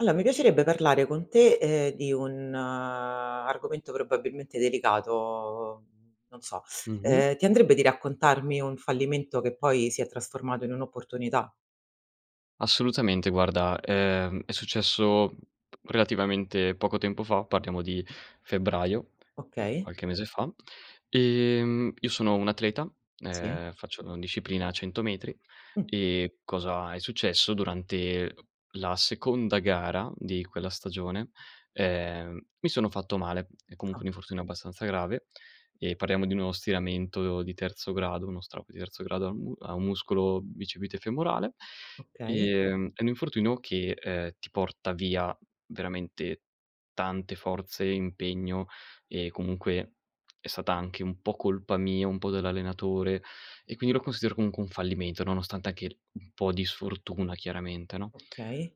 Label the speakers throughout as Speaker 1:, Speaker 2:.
Speaker 1: Alla mi piacerebbe parlare con te, ehm, di un argomento probabilmente delicato. Non so,
Speaker 2: Mh-mh.
Speaker 1: ehm, ti andrebbe di raccontarmi un fallimento che poi si è trasformato in un'opportunità?
Speaker 2: Assolutamente. Guarda, ehm, è successo relativamente poco tempo fa, parliamo di febbraio, mhmm,
Speaker 1: Okay.
Speaker 2: qualche mese fa, e mhmm, io sono un atleta,
Speaker 1: Sì.
Speaker 2: ehm, faccio la disciplina 100 m.
Speaker 1: Mh.
Speaker 2: E cosa è successo, durante la seconda gara di quella stagione, ehm, mi sono fatto male. È comunque
Speaker 1: Ah.
Speaker 2: un infortunio abbastanza grave, ehm, parliamo di uno stiramento di terzo grado, uno strap di terzo grado a un mu a un muscolo bicipite femorale,
Speaker 1: Okay.
Speaker 2: ehm, è un infortunio che, ehm, ti porta via veramente tante forze e impegno e comunque, è stata anche un po' colpa mia, un po' dell'allenatore. E quindi, lo considero, comunque, un fallimento, nonostante anche un po' di sfortuna chiaramente, no?
Speaker 1: Okay.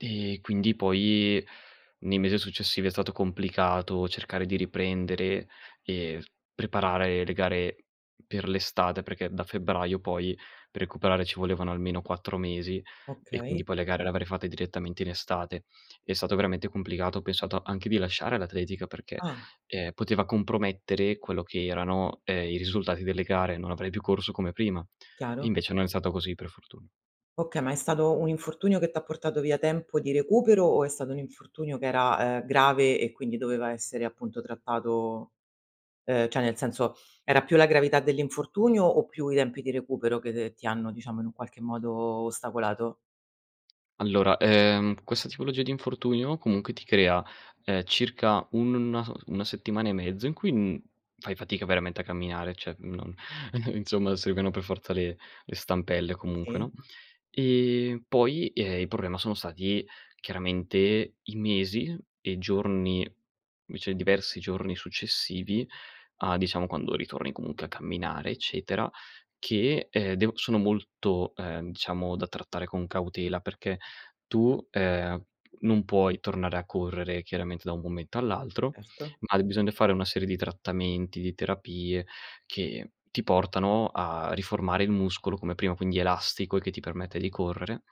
Speaker 2: Ehm, quindi, poi nei mese successivi è stato complicato cercare di riprendere e s preparare le gare per l'estate. Perché da febbraio poi, per recuperare ci volevano almeno 4 mesi e quindi,
Speaker 1: Okay.
Speaker 2: poi le gare le avrei fatte direttamente in estate. È stato veramente complicato. Ho pensato anche di lasciare l'atletica, perché,
Speaker 1: Ah.
Speaker 2: ehm, poteva compromettere quello che erano, ehm, i risultati delle gare, non avrei più corso come prima.
Speaker 1: Chiaro.
Speaker 2: Invece non è stato così, per fortuna.
Speaker 1: Okay, ma è stato un infortunio che t'ha portato via tempo di recupero o è stato un infortunio che era, ehm, grave e quindi doveva essere, appunto, trattato ehm, cioè nel senso, era più la gravità dell'infortunio o più i tempi di recupero che, de ti hanno, diciamo, in un qualche modo ostacolato?
Speaker 2: Allora, ehm, questa tipologia di infortunio comunque ti crea, ehm, circa un na s 1 settimana e mezzo in cui, n fai fatica veramente a camminare. Cioè, non insomma, servivano per forza le le stampelle comunque,
Speaker 1: Sì.
Speaker 2: no, ehm, poi, ehm, il problema sono stati chiaramente, i mesi e giorni vece diversi giorni successivi, a diciamo, quando ritorni comunque, a camminare, eccetera che, ehm, devo sono molto, ehm, diciamo, da trattare con cautela, perché tu, ehm, non puoi tornare a correre, chiaramente, da un momento all'altro,
Speaker 1: Erto.
Speaker 2: ma bisogna fare una serie di trattamenti, di terapie che ti portano a riformare il muscolo come prima, quindi elastico e che ti permette di correre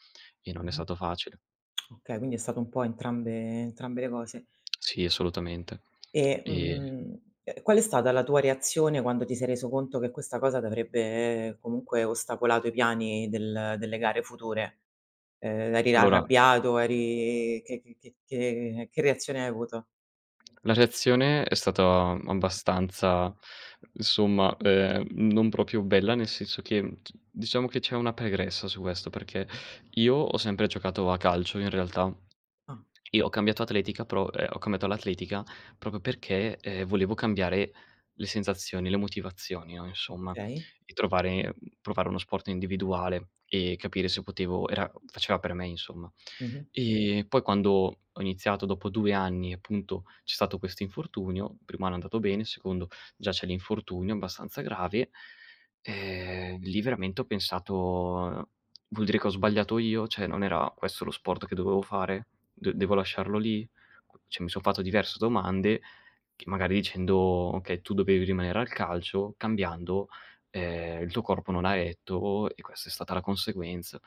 Speaker 2: e non è
Speaker 1: Mh-mh.
Speaker 2: stato facile.
Speaker 1: Okay, quindi è stato un po' entrambe entrambe le cose.
Speaker 2: Sì, assolutamente
Speaker 1: E,
Speaker 2: ehm
Speaker 1: mhmm, ehm, qual è stata la tua reazione quando ti sei reso conto che questa cosa t'avrebbe, comunque, ostacolato i piani del delle gare future? Ehm, eri
Speaker 2: Allora
Speaker 1: arrabbiato, eri che che che che che reazione hai avuto?
Speaker 2: La reazione è stata abbastanza insomma, ehm, non proprio bella, nel senso che, mhmm, c diciamo che c'è una pregressa su questo, perché io ho sempre giocato a calcio in realtà.
Speaker 1: Ah.
Speaker 2: E ho cambiato atletica pro ehm, ho cambiato all'atletica proprio perché, ehm, volevo cambiare le sensazioni, le motivazioni, no, insomma,
Speaker 1: Okay.
Speaker 2: di trovare mhmm, provare uno sport individuale e capire se potevo era faceva per me insomma.
Speaker 1: Mh-mh.
Speaker 2: Ehm, poi, quando ho iniziato dopo 2 anni appunto, c'è stato questo infortunio, il primo anno è andato bene, il secondo già c'è l'infortunio abbastanza grave. Ehm, lì veramente ho pensato: "Vuol dire che ho sbagliato io? Cioè, non era questo lo sport che dovevo fare? D devo lasciarlo lì?" Q cioè, mi son fatto diverse domande che, magari dicendo: "Okay, tu dovevi rimanere al calcio, cambiando, ehm, il tuo corpo non ha retto, e questa è stata la conseguenza".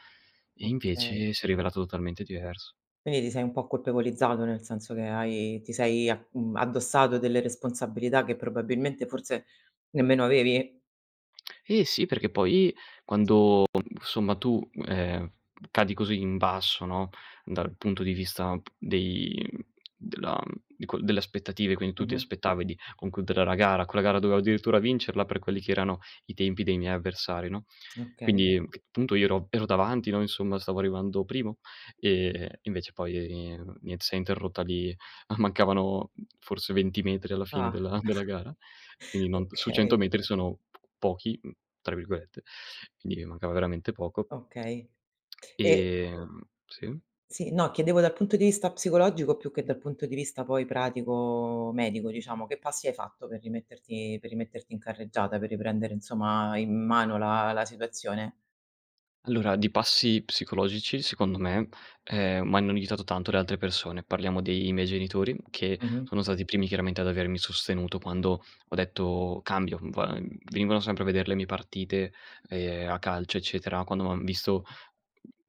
Speaker 2: E
Speaker 1: Okay.
Speaker 2: invece, si è rivelato totalmente diverso.
Speaker 1: Quindi, ti sei un po' colpevolizzato, nel senso che hai ti sei a mhmm, addossato delle responsabilità che probabilmente forse nemmeno avevi?
Speaker 2: Eh sì, perché poi, quando somma tu, ehm, cadi così in basso, no, dal punto di vista p dei mhmm, della mhmm, dico delle aspettative, quindi, tu ti
Speaker 1: Mh-mh.
Speaker 2: aspettavi di concludere la gara. Quella gara dovevo addirittura vincerla per quelli che erano i tempi dei miei avversari, no,
Speaker 1: Okay.
Speaker 2: quindi, c punto io ero ero davanti, no, insomma stavo arrivando primo, ehm, invece poi nien s'è interrotta lì. Ah mancavano forse 20 metri alla fine
Speaker 1: Ah.
Speaker 2: della della gara, quindi non su
Speaker 1: Okay.
Speaker 2: 100 m sono p "pochi", mhmm, tra virgolette, quindi mi mancava veramente poco.
Speaker 1: Okay, ehm
Speaker 2: Ehm, sì?
Speaker 1: sì, no. Chiedevo dal punto di vista psicologico, più che dal punto di vista poi, pratico-medico diciamo. Che passi hai fatto per rimetterti per rimetterti in carreggiata? Per riprendere, insomma, in mano la la situazione?
Speaker 2: Allora, di passi psicologici secondo me, ehm, m'hanno aiutato tanto le altre persone. Parliamo dei miei genitori, che
Speaker 1: Mh-mh.
Speaker 2: sono stati i primi chiaramente ad avermi sostenuto quando ho detto: "Cambio"; Vua venivano sempre a vedere le mie partite, ehm, a calcio, eccetera. Quando m'han visto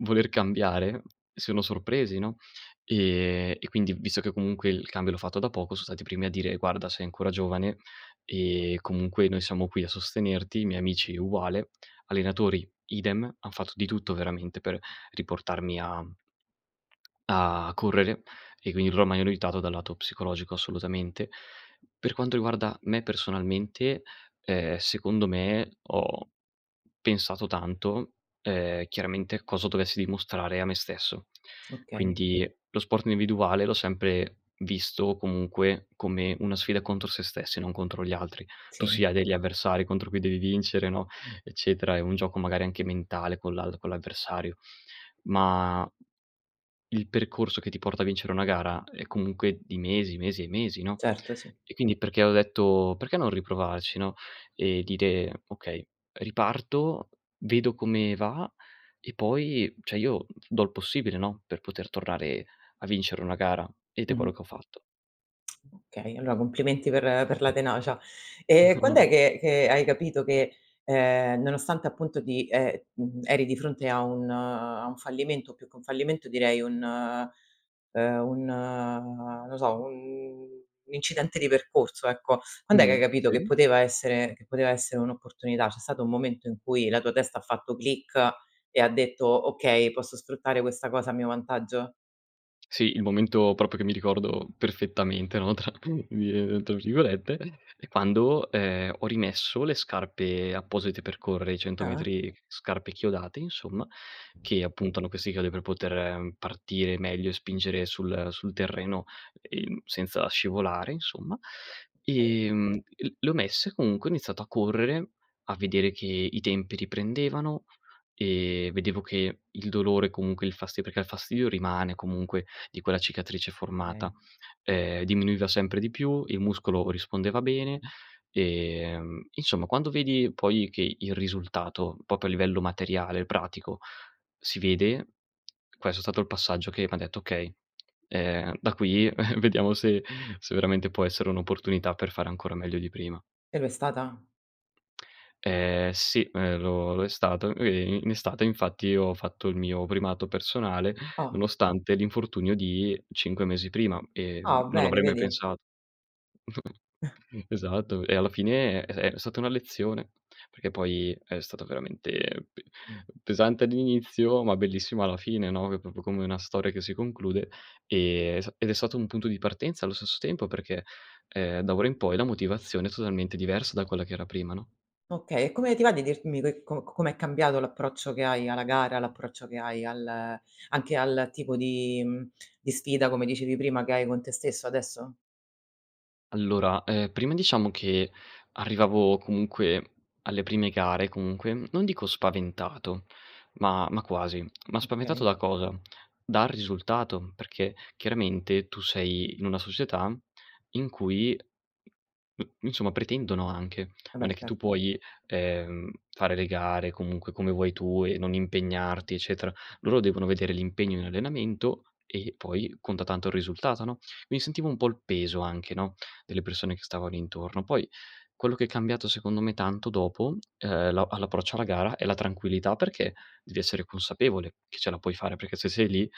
Speaker 2: voler cambiare, si sono sorpresi, no, ehm, e quindi, visto che comunque il cambio l'ho fatto da poco, so stati primi a dire: "Guarda, sei ancora giovane, ehm, comunque noi siamo qui a sostenerti." I miei amici uguale, allenatori idem, han fatto di tutto veramente per riportarmi a a correre e quin loro m'hanno aiutato dal lato psicologico assolutamente. Per quanto riguarda me personalmente, ehm, secondo me, ho pensato tanto, ehm, chiaramente cosa dovessi dimostrare a me stesso.
Speaker 1: Okay.
Speaker 2: Quindi, lo sport individuale l'ho sempre visto, comunque, come una sfida contro se stessi e non contro gli altri. Tu sì,
Speaker 1: Sì.
Speaker 2: hai degli avversari contro cui devi vincere, no, eccetera. È un gioco, magari anche mentale con l'al con l'avversario. Ma il percorso che ti porta a vincere una gara è comunque di mesi, mesi e mesi, no,
Speaker 1: Certo, sì.
Speaker 2: e quindi perché ho detto: "Perché non riprovarci no?" E dire: "Okay, riparto, vedo come va e poi cioè, io do l possibile, no, per poter tornare a vincere una gara." Ed è quello
Speaker 1: Mh-mh.
Speaker 2: che ho fatto.
Speaker 1: Okay, allora complimenti per per la tenacia. Ehm, quand'è che che hai capito che, ehm, nonostante, appunto, di ehm, mhmm, eri di fronte a un a un fallimento? Più che un fallimento, direi un ehm, un no so, un incidente di percorso, ecco. Quand'è che hai
Speaker 2: Mh.
Speaker 1: capito che
Speaker 2: Sì.
Speaker 1: poteva essere che poteva essere un'opportunità? C'è stato un momento in cui la tua testa ha fatto click e ha detto: "Okay, posso sfruttare questa cosa a mio vantaggio?"
Speaker 2: Sì, il momento proprio che mi ricordo "perfettamente", no, tra vi tra virgolette, è quando, ehm, ho rimesso le scarpe apposite per correre i cento
Speaker 1: Ah-ah.
Speaker 2: metri scarpe chiodate insomma, che appunto, hanno questi chiodi per poter partire meglio e spingere sul sul terreno, ehm, senza scivolare insomma.
Speaker 1: Okay.
Speaker 2: Ehm, l le ho messe comunque, ho iniziato a correre, a vedere che i tempi riprendevano, ehm, e vedevo che il dolore, comunque il fasti perché il fastidio rimane comunque, di quella cicatrice formata,
Speaker 1: [unintelligible]
Speaker 2: ehm, diminuiva sempre di più, il muscolo rispondeva bene, ehm, insomma, quando vedi poi, che il risultato, proprio a livello materiale, pratico, si vede, questo è stato il passaggio che m'ha detto: "Okay, ehm, da qui vediamo se se veramente può essere un'opportunità per fare ancora meglio di prima."
Speaker 1: E lo è stata?
Speaker 2: Ehm, sì, ehm, lo lo è stato. Ehm, i in estate infatti, ho fatto il mio primato personale,
Speaker 1: Ah!
Speaker 2: nonostante l'infortunio di 5 mesi prima e
Speaker 1: Ah,
Speaker 2: non
Speaker 1: bene,
Speaker 2: l'avrei mai
Speaker 1: vedi?
Speaker 2: pensat esatto. E alla fine è uhm, è stata una lezione, perché poi è stato veramente p pesante all'inizio, ma bellissimo alla fine, no, è proprio come una storia che si conclude, ehm, è sta ed è stato un punto di partenza allo stesso tempo, perché, ehm, da ora in poi la motivazione è totalmente diversa da quella che era prima, no?
Speaker 1: Okay, e come ti va di dirmi che co c com'è cambiato l'approccio che hai alla gara, l'approccio che hai al anche al tipo di mhmm, di sfida, come dicevi prima, che hai con te stesso adesso?
Speaker 2: Allora, ehm, prima, diciamo che arrivavo, comunque, alle prime gare, comunque, mhmm, non dico spaventato, ma ma quasi. Ma, spaventato
Speaker 1: Okay.
Speaker 2: da cosa? Dal risultato, perché, chiaramente, tu sei in una società in cui mhmm, insomma, pretendono anche.
Speaker 1: Eh
Speaker 2: Non
Speaker 1: beh,
Speaker 2: è che tu
Speaker 1: serto.
Speaker 2: puoi, ehm, fare le gare, comunque, come vuoi tu e non impegnarti, eccetera. Loro devono vedere l'impegno in allenamento, e poi conta tanto il risultato, no, quindi sentivo un pò il peso anche, no, delle persone che stavano intorno. Poi quello che è cambiato, secondo me, tanto dopo, uhm, la all'approccio alla gara è la tranquillità, perché devi essere consapevole che ce la puoi fare, perché se sei lì,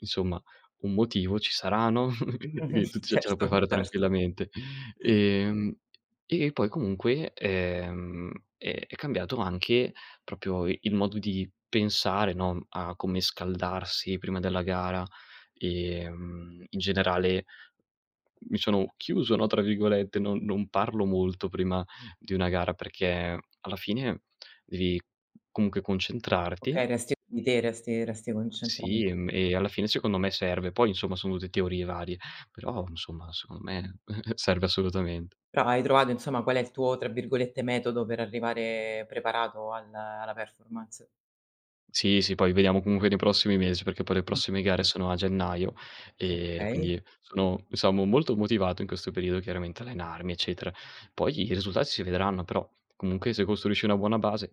Speaker 2: insomma, un motivo ci sarà, no,
Speaker 1: Mh-mh.
Speaker 2: [unintelligible] tut ce ce la
Speaker 1: Certo,
Speaker 2: puoi fare
Speaker 1: certo.
Speaker 2: tranquillamente. Ehm, e poi comunque, ehm, è è cambiato anche proprio il modo di pensare, no, mhmm, a come scaldarsi prima della gara, ehm, in generale mi sono "chiuso," no, tra virgolette, non non parlo molto prima di una gara perché, alla fine devi, comunque concentrarti
Speaker 1: Okay, resti di te, resti resti concentra
Speaker 2: Sì, mhmm, e alla fine secondo me serve; poi, insomma, sono tutte teorie varie però, insomma, secondo me serve assolutamente.
Speaker 1: Però, hai trovato insomma qual è il tuo, tra virgolette, "metodo," per arrivare preparato al la performance.
Speaker 2: Sì, sì. Poi vediamo, comunque, nei prossimi mes perché poi le
Speaker 1: Mh.
Speaker 2: prossime gare sono a gennaio, ehm,
Speaker 1: Okay.
Speaker 2: quindi sono diciamo molto motivato in questo periodo, chiaramente, allenarmi, eccetera. Poi, i risulta si vedranno però, comunque, se costruisci una buona base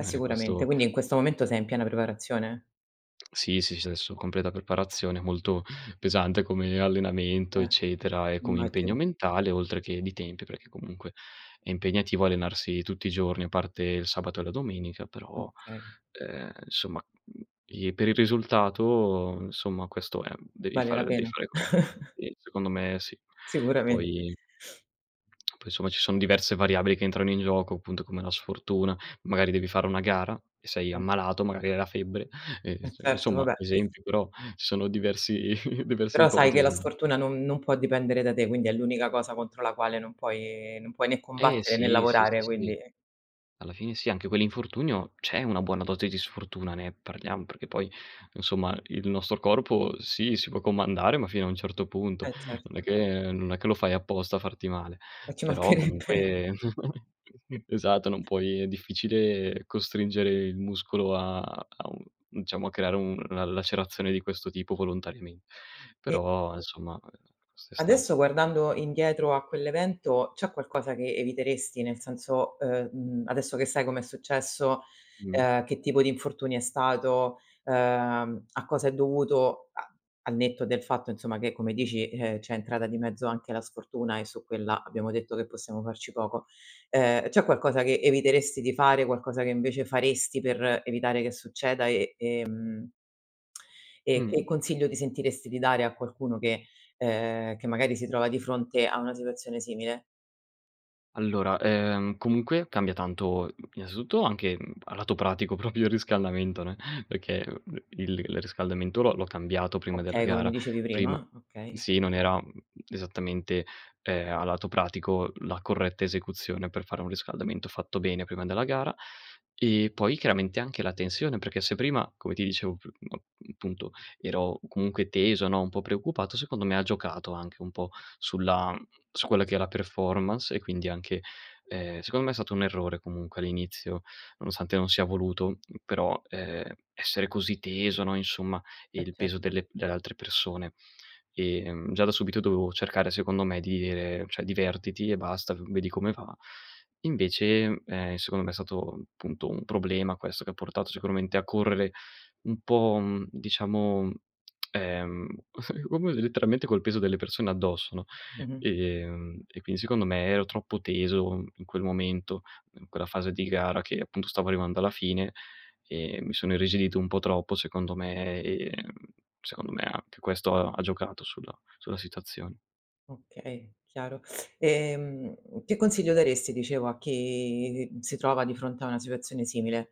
Speaker 1: Eh,
Speaker 2: è
Speaker 1: sicuramente.
Speaker 2: questo
Speaker 1: Quindi, in questo momento sei in piena preparazione?
Speaker 2: Sì, sì, sci, adesso completa preparazione, molto pesante come allenamento
Speaker 1: Eh,
Speaker 2: eccetera e come impegno
Speaker 1: immagino.
Speaker 2: mentale, oltre che di tempi perché, comunque, è impegnativo allenarsi tutti i giorni a parte il sabato e la domenica però,
Speaker 1: Okay.
Speaker 2: uhm, insomma, mhmm, i per il risultato, insomma, questo è, mhmm, devi
Speaker 1: Vale
Speaker 2: fare
Speaker 1: la
Speaker 2: devi
Speaker 1: pena.
Speaker 2: fare questo. Sì, secondo me sì.
Speaker 1: Sicuramen
Speaker 2: Poi poi, insomma, ci son diverse variabili che entrano in gioco, appunto, come la sfortuna, magari devi fare una gara e sei
Speaker 1: Mh.
Speaker 2: ammalato, magari hai la febbre, ehm,
Speaker 1: Eh
Speaker 2: ins
Speaker 1: certo, va
Speaker 2: insomma,
Speaker 1: beh.
Speaker 2: esempio, però ci sono diversi diverse
Speaker 1: Però sai che la
Speaker 2: ipotesi.
Speaker 1: sfortuna non non può dipendere da te, quindi è l'unica cosa contro la quale non puoi non puoi né
Speaker 2: Eh
Speaker 1: combattere né
Speaker 2: sì, sì, sì,
Speaker 1: lavorare
Speaker 2: sì.
Speaker 1: quindi
Speaker 2: Alla fine sì. Anche quell'infortunio, c'è una buona dose di sfortuna, ne parliamo perché poi, insomma, il nostro corpo, sì, si può comandare ma fino a un certo punto,
Speaker 1: Eh,
Speaker 2: non è
Speaker 1: certo.
Speaker 2: che non è che lo fai apposta a farti male,
Speaker 1: E ci
Speaker 2: però
Speaker 1: mancherebbe!
Speaker 2: comunque, esatto, non puoi è difficile costringere il muscolo a a un diciamo, a creare una lacerazione di questo tipo volontariamen
Speaker 1: E
Speaker 2: però insomma questo è stato.
Speaker 1: Adesso, guardando indietro a quell'evento c'è qualcosa che eviteresti? Nel senso: uhm, mhmm, adesso che sai com'è successo,
Speaker 2: Mh.
Speaker 1: uhm, che tipo di infortunio è stato, uhm, a cosa è dovuto a al netto del fatto, insomma, che come dici, uhm, c'è entrata di mezzo anche la sfortuna e su quella abbiamo detto che possiamo farci poco; ehm, c'è qualcosa che eviteresti di fare, qualcosa che invece faresti per evitare che succeda e, ehm, e che
Speaker 2: Mh.
Speaker 1: consiglio ti sentiresti di dare a qualcuno che, uhm, che magari si trova di fronte a una situazione simile?
Speaker 2: Allora, ehm, comunque cambia tanto, innanzitutto anche, mhmm, a lato pratico proprio il riscaldamento, ne, perché, uhm, il l riscaldamento l'ho l'ho cambiato prima della
Speaker 1: Okay, come mi
Speaker 2: gara,
Speaker 1: dicevi
Speaker 2: prima
Speaker 1: prima?
Speaker 2: mhmm,
Speaker 1: Okay.
Speaker 2: sì, non era, mhmm, esattamente, ehm, a lato pratico, la corretta esecuzione per fare un riscaldamento fatto bene prima della gara, e poi chiaramente anche la tensione, perché se prima, come ti dicevo, piu mhmm, punto, ero comunque teso, no, un pò preoccupato, secondo me ha giocato anche un pò sulla su quella che è la performance, e quindi anche ehm, secondo me è stato un errore, comunque, all'inizio, nonostante non sia voluto però, ehm, essere così teso, no, insomma
Speaker 1: Eh,
Speaker 2: il peso
Speaker 1: certo.
Speaker 2: delle delle altre persone. E, mhmm, già da subito dovevo cercare, secondo me, di ire: "Cioè divertiti e basta, v vedi come va." Invece, mhmm, ehm, secondo me è stato, punto, un problema questo che ha portato sicuramente a correre un pò, mhmm, diciamo, mhmm, ehm, [unintelligible] letteralmente col peso delle persone addosso, no,
Speaker 1: Mh-mh.
Speaker 2: ehm, e quindi secondo me ero troppo teso in quel momento, in quella fase di gara che appunto stavo arrivando alla fine, e mi sono irrigidito un pò troppo, secondo me, ehm, secondo me anche questo ha ha giocato sulla sulla situazione.
Speaker 1: Okay, chiaro. Ehm, che consiglio daresti, dicevo, a chi si trova di fronte a una situazione simile?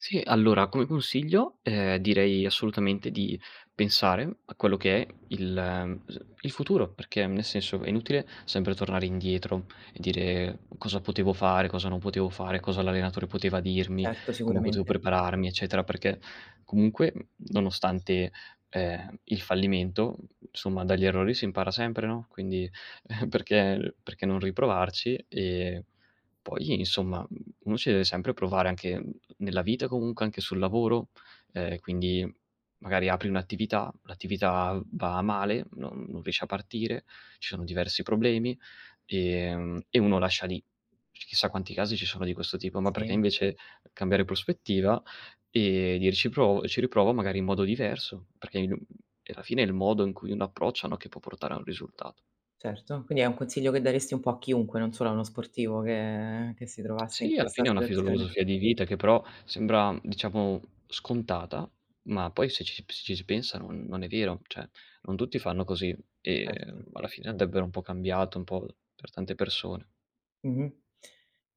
Speaker 2: Sì, allora come consiglio, ehm, direi assolutamente di pensare a quello che è il s il futuro, perché nel senso, è inutile sempre tornare indietro e dire: "Cosa potevo fare? Cosa non potevo fare? Cosa l'allenatore poteva dirmi?
Speaker 1: Certo,
Speaker 2: Come potevo
Speaker 1: sicuramente.
Speaker 2: prepararmi? Eccetera," perché comunque, m nonostante, ehm, il fallimento, insomma, dagli errori si impara sempre, no, quindi perché perché non riprovarci? E poi, insomma, uno ci deve sempre provare anche nella vita, comunque anche sul lavoro, ehm, quindi magari apri un'attività, l'attività va male non non riesce a partire, c sono diversi problemi, ehm, e uno lascia lì; chissà quanti casi ci sono di questo tipo. Ma perché,
Speaker 1: Sì.
Speaker 2: invece, cambiare prospettiva e dire: "Ci provo e ci riprovo, magari in modo diverso" perché il e alla fine è il modo in cui uno approccia, no, che può portare a un risultato.
Speaker 1: Certo, quindi è un consiglio che daresti un pò a chiunque, non solo a uno sportivo che che si trovasse in
Speaker 2: Sì, alla
Speaker 1: questa
Speaker 2: fine è una
Speaker 1: situazione.
Speaker 2: filosofia di vita che però sembra, mhmm, diciamo scontata, ma poi se ci p si ci pensa non non è vero, cioè non tutti fanno così,
Speaker 1: Erto.
Speaker 2: ehm, alla fine andrebbero un pò cambiato, un pò per tante persone.
Speaker 1: Mh-mh.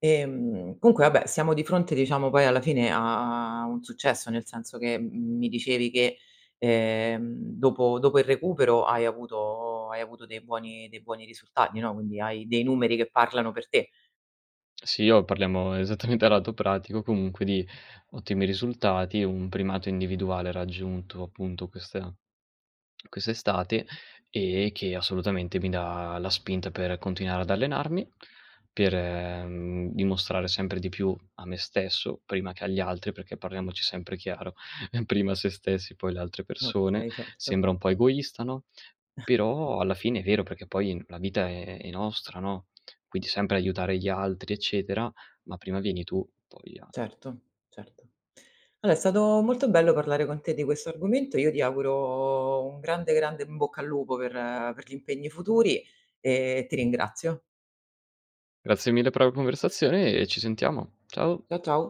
Speaker 1: Ehm, comunque vabbè, siamo di fronte, diciamo, poi alla fine a a un successo, nel senso che m mi dicevi che, ehm, dopo dopo il recupero hai avuto hai avuto dei buoni dei buoni risultati, no, quindi hai dei numeri che parlano per te.
Speaker 2: Sì, io parliamo esattamente a lato pratico, comunque, di ottimi risultati. Un primato individuale raggiunto appunto questa questa estate, e che assolutamente mi dà la spinta per continuare ad allenarmi, per, mhmm, dimostrare sempre di più a me stesso, prima che agli altri perché, parliamoci sempre chiaro: prima sé stessi poi, le altre persone,
Speaker 1: Okay, certo.
Speaker 2: sembra un pò egoista, no, però, alla fine, è vero, perché poi la vita è è nostra, no, quindi sempre aiutare gli altri eccetera, ma prima vieni tu poi a
Speaker 1: Certo, certo. Alo è stato molto bello parlare con te di questo argomento. Io ti auguro un grande, grande in bocca al lupo per per gli impegni futuri e ti ringrazio.
Speaker 2: Grazie mille per la conversazione e ci sentiamo. Ciao.
Speaker 1: Cia ciao.